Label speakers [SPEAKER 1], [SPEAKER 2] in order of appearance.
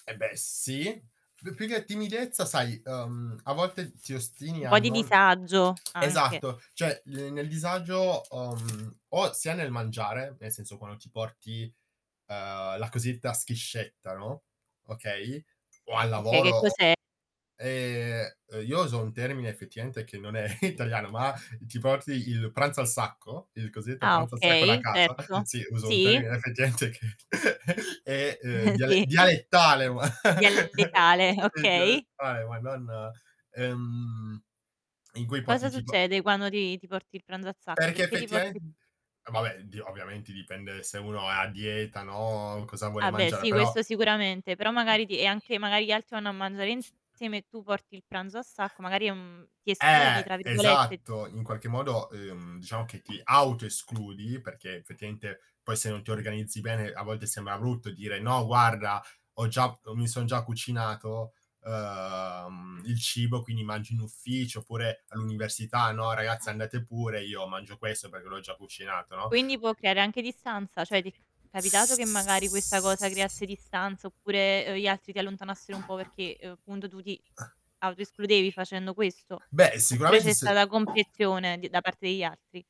[SPEAKER 1] Eh, beh, sì. P più che timidezza, sai, uhm, a volte ti ostini
[SPEAKER 2] Un po' di
[SPEAKER 1] hanno non
[SPEAKER 2] disagio, anche.
[SPEAKER 1] Esatto, cioè, ne nel disagio o mhmm, o sia nel mangiare, nel senso quando ti porti, uhm, la cosiddetta schiscetta, no, okay, o al
[SPEAKER 2] Okay,
[SPEAKER 1] lavoro
[SPEAKER 2] che
[SPEAKER 1] o
[SPEAKER 2] cos'è
[SPEAKER 1] Ehm, io uso un termine effettivamente che non è italiano, ma ti porti il pranzo al sacco, il cosiddetto
[SPEAKER 2] Ah,
[SPEAKER 1] pranzo al sacco da
[SPEAKER 2] okay,
[SPEAKER 1] casa,
[SPEAKER 2] certo.
[SPEAKER 1] sì, uso un
[SPEAKER 2] Sì.
[SPEAKER 1] termine effettivamente che è, uhm, dia
[SPEAKER 2] Sì.
[SPEAKER 1] dialettale ma
[SPEAKER 2] Dialettale,
[SPEAKER 1] Sì, è
[SPEAKER 2] okay.
[SPEAKER 1] dialettale ma non, ehm, in cui porti
[SPEAKER 2] Cosa
[SPEAKER 1] tipo
[SPEAKER 2] succede quando ti ti porti il pranzo a sacco?
[SPEAKER 1] Perché
[SPEAKER 2] Perché ti porti
[SPEAKER 1] effettivamen vabbè, oddio, ovviamente dipende se uno è a dieta, no, cosa vuole
[SPEAKER 2] Vabbè,
[SPEAKER 1] mangiare,
[SPEAKER 2] sì,
[SPEAKER 1] però
[SPEAKER 2] questo sicuramente. Però magari ti è anche magari gli altri vanno a mangiare insieme e tu porti il pranzo a sacco, magari, uhm, ti "escludi"
[SPEAKER 1] Eh,
[SPEAKER 2] tra virgolette?
[SPEAKER 1] esatto, in qualche modo, uhm, diciamo che ti autoescludi, perché effettivamente poi se non ti organizzi bene a volte sembra brutto dire: "No guarda ho già mi son già cucinato, uhm, il cibo, quindi mangio in ufficio." Oppure all'università: "No, ragazze andate pure, io mangio questo perché l'ho già cucinato." no?
[SPEAKER 2] Quindi, può creare anche distanza? Cioè, ti è capitato che magari questa cosa
[SPEAKER 1] S
[SPEAKER 2] creasse distanza oppure, uhm, gli altri ti allontanassero un po' perché, uhm, punto tu ti autoescludevi facendo questo?
[SPEAKER 1] Beh,
[SPEAKER 2] Oppure
[SPEAKER 1] sicuramente
[SPEAKER 2] c'è
[SPEAKER 1] s
[SPEAKER 2] stata comprensione di da parte degli altri?